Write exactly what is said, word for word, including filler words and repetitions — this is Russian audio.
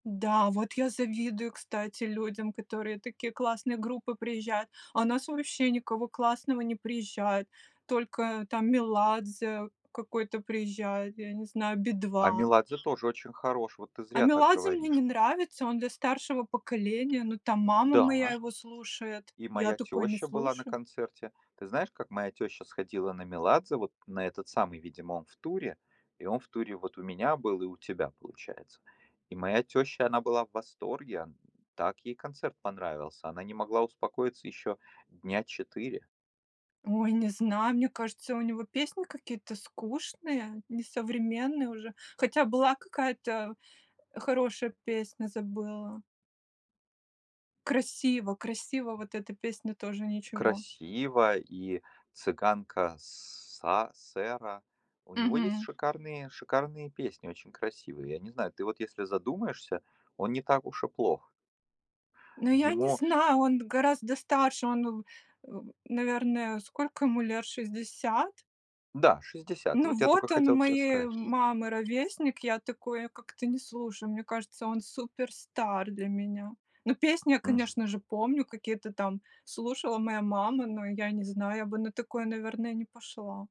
Да, вот я завидую, кстати, людям, к которым такие классные группы приезжают. А у нас вообще никого классного не приезжает, только там Меладзе какой-то приезжает, я не знаю, А "Би-2". Меладзе тоже очень хорош. Вот ты А зря так Меладзе мне говоришь. не нравится. Он для старшего поколения, ну, там мама моя Да. его слушает. И Я моя такое не тёща была на слушаю. концерте. Ты знаешь, как моя тёща сходила на Меладзе? Вот на этот самый, видимо, он в туре. И он в туре вот у меня был и у тебя, получается. И моя тёща, она была в восторге. Он так ей концерт понравился. Она не могла успокоиться ещё дня четыре. Ой, не знаю, мне кажется, у него песни какие-то скучные, несовременные уже. Хотя была какая-то хорошая песня, забыла "Красиво красиво", вот эта песня тоже ничего. "Красиво" и "Цыганка Са Сэра". У него есть Мгм. шикарные шикарные песни. Очень красивые. Я не знаю, ты вот если задумаешься, он не так уж и плох. Ну, я не Ему знаю, он гораздо старше, он, у м, наверное, сколько ему лет, шестьдесят? Да, шестьдесят, и Ну, вот я тока вот он хотел те моей сказать. мамы ровесник. Я такое как-то не слушаю, мне кажется, он супер-стар для меня. Ну, песни я, М. конечно же, помню, какие-то там слушала моя мама. Но я не знаю, я бы на такое, наверное, не пошла.